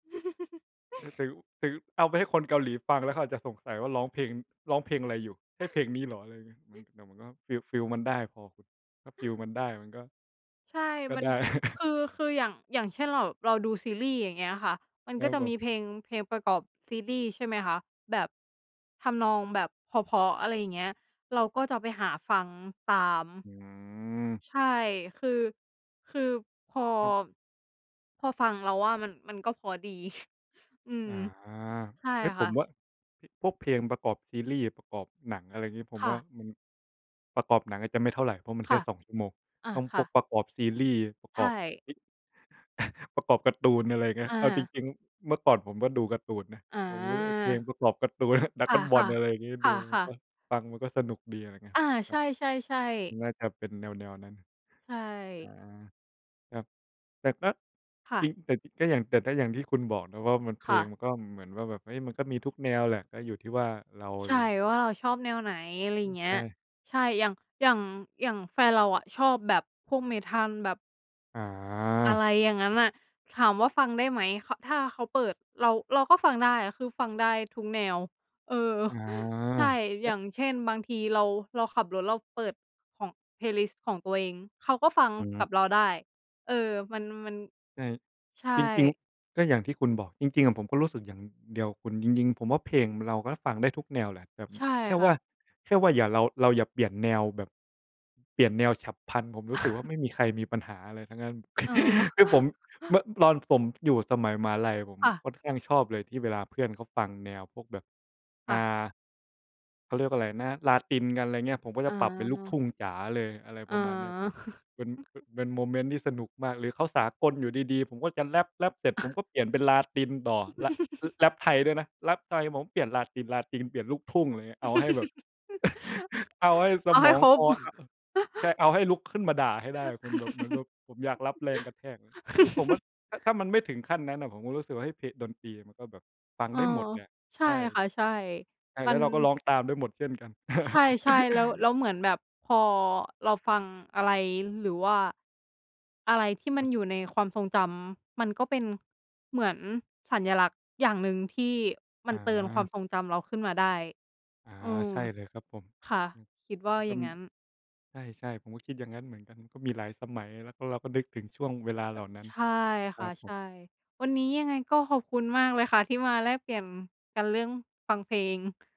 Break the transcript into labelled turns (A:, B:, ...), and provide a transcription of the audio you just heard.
A: ประยุกต์ ประยุกต์ เอาไปให้คนเกาหลีฟัง แล้วเขาอาจจะสงสัยว่าร้องเพลง ร้องเพลงอะไรอยู่ ใช่เพลงนี้เหรอ อะไรอย่างเงี้ย มัน แต่มันก็ฟีล ฟีลมันได้พอคุณ ถ้าฟีลมันได้มันก็
B: ใช่
A: ก็
B: มัน
A: ได้
B: คือ คืออย่าง อย่างเช่นเรา เราดูซีรีส์อย่างเงี้ยค่ะ มัน
A: แล้
B: ก็
A: ว
B: จะ
A: แบ
B: มี
A: บ
B: เพลง เพลงประกอบซีรีส์ ใช่ไหมคะ? แบบ ทำนองแบบเพราะ ๆ อะไรอย่างเงี้ย เราก็จะไปหาฟังตาม
A: อืม
B: ใช่ คือ คือพอ
A: ครับ
B: พอฟังเราว่ามัน มันก็เพราะดี อื
A: อ
B: ม
A: ๋อ
B: ใช่
A: เฮ้ย ผ
B: ค่
A: ม
B: ะ
A: ว่า พ พวกเพลงประกอบซีรีส์ ประกอบหนัง อะไรอย่างงี้ ผม
B: ค่
A: ว่า
B: ะ
A: มัน ประกอบหนังอาจจะไม่เท่าไร เพราะมันแ
B: ค
A: ค่
B: ่ะ
A: 2 ชั่วโมง
B: อ่า
A: ต้อง
B: ค
A: พ
B: ่
A: วก
B: ะ
A: ประกอบซีรีส์ ประ
B: ใช
A: กอบ
B: ่
A: อิ ประกอบการ์ตูน อะไรอย่างเงี้ย
B: อ
A: เอาจ
B: า
A: ริง ๆ เมื่อก่อนผมก็ดูการ์ตูนนะ
B: อ๋
A: ผมรู้ไอ้เพลง
B: อ
A: ประกอบการ์ตูน ดรา
B: ค
A: ก้อนบอ
B: ่
A: ล
B: ะ
A: อะไรอย่างงี้
B: ๆ ค
A: ดูมัน
B: ่ะ
A: ก็
B: ๆ
A: ฟังมันก็สนุกดี อะไรเงี้ย
B: อา
A: ค
B: ใ
A: ร
B: ช
A: ับ
B: ่ ๆ ๆ
A: น่าจะเป็นแนว ๆ นั้น
B: ใช
A: อา
B: ่
A: ครับ แต่ก็
B: ค่ะ
A: จริง แต่จริงก็อย่าง แต่ก็อย่างที่คุณบอกนะว่า มัน เพ
B: ค
A: ล
B: ่
A: ง
B: ะ
A: ก็เหมือนว่าแบบ เฮ้ย มันก็มีทุกแนวแหละ ก็อยู่ที่ว่าเรา
B: ใช่ ว่าเราชอบแนวไหน อะไร
A: อือ
B: เงี
A: ใ
B: ้
A: ช
B: ย
A: ่
B: ใช่ อย่าง อย่าง อย่างแฟนเราอะชอบแบบพวก Metal แบบ อะไ
A: อ
B: รอย่างงั้น
A: า
B: น่ะ ถามว่าฟังได้ไหม ข ถ้าเขาเปิด เรา เราก็ฟังได้ คือฟังได้ทุกแนว เออ ใช่
A: อ
B: อย
A: า
B: ่างเช่น บางทีเรา เราขับรถเราเปิดของเพลย์ลิสต์ของตัวเอง เขาก็ฟัง
A: อื
B: กั
A: ม
B: บเราได้ เออ มัน มัน
A: ใช่
B: ใช่
A: จริง ๆ ก็อย่างที่คุณบอก จริง ๆ อะผมก็รู้สึกอย่างเดียวกับคุณ จริง ๆ ผมว่าเพลงเราก็ฟังได้ทุกแนวแหละแบบ
B: ใช่
A: แค่
B: ค
A: ว
B: ่
A: ่
B: ะ
A: า แค่ว่าอย่าเรา เราอย่าเปลี่ยนแนวแบบ เปลี่ยนแนวฉับพลัน ผมรู้สึกว่าไม่มีใครมีปัญหาอะไรทั้งนั้น
B: อ๋อ
A: คือผม เมื่อตอนผมอยู่สมัยมหาลัย ผม
B: ค่ะ
A: ค่อนข้างชอบเลยที่เวลาเพื่อนเขาฟังแนวพวกแบบ
B: ค
A: อ
B: ่
A: ่
B: ะ
A: า เขาเรียกว่าอะไรนะ Latin กัน อะไรเงี้ย ผมก็จ
B: อ
A: ะปรับเป็นลูกท
B: า
A: ุ่งจ๋าเลย อะไร
B: อ
A: ประมาณนี้ เป
B: า
A: ็น ป เป็นโมเมนต์ที่สนุกมากเลย เขาสากลอยู่ดี ๆ ผมก็จะแรป แรปเสร็จผมก็เปลี่ยนเป็น Latin ต่อ ร แรปไทยด้วยนะ แรปไทยผมเปลี่ยน Latin Latin เปลี่ยนลูกทุ่ง อะไรเงี้ย เอาให้แบบ เอาให้ส
B: เอาใ
A: ม
B: ห้
A: อง
B: คร
A: ค
B: บ
A: ออะ ใช่ เอาให้ลุกขึ้นมาด่าให้ได้คุณ แบบ เหมือนแบบผมอยากรับแรงกระแทกอะ คือผมว่า ถ้า ถ้ามันไม่ถึงขั้นนั้นน่ะ ผมก็รู้สึกว่า เฮ้ย เพ ดนตรีมันก็แบบฟัง
B: เออ
A: ได้หมดแหละ
B: ใช่
A: ใช่
B: ค่ะ ใช่
A: ใช่ แ
B: มั
A: ล้ว
B: น
A: เราก็ร้องตามได้หมดเช่นกัน
B: ใช่ ๆ แล้ว แล้วเหมือนแบบพอเราฟังอะไร หรือว่า อะไรที่มั
A: ครั
B: น
A: บ
B: อยู่ในความทรงจำ มันก็เป็น เหมือนสัญลักษณ์อย่างหนึ่ง ที่มันเตือนควา
A: อ
B: ม
A: า
B: ทรงจำเราขึ้นมาได้
A: อา
B: เออ
A: ใช่เลยครับผม
B: ค่ะ คิดว่า
A: มันก
B: อ
A: ็
B: ย่างงั้น
A: ใช่ ๆ ผมก็คิดอย่างงั้นเหมือนกัน ก็มีหลายสมัย แล้วก็เราก็นึกถึงช่วงเวลา
B: เ
A: เ
B: อ
A: หล
B: อ
A: ่านั้น
B: ใช่
A: ค
B: ค
A: รั
B: ่ะ
A: บผ
B: ใช
A: ม
B: ่ วันนี้ยังไงก็ขอบคุณมากเลยค่ะ ที่มาแลกเปลี่ยนกันเรื่องฟังเพลง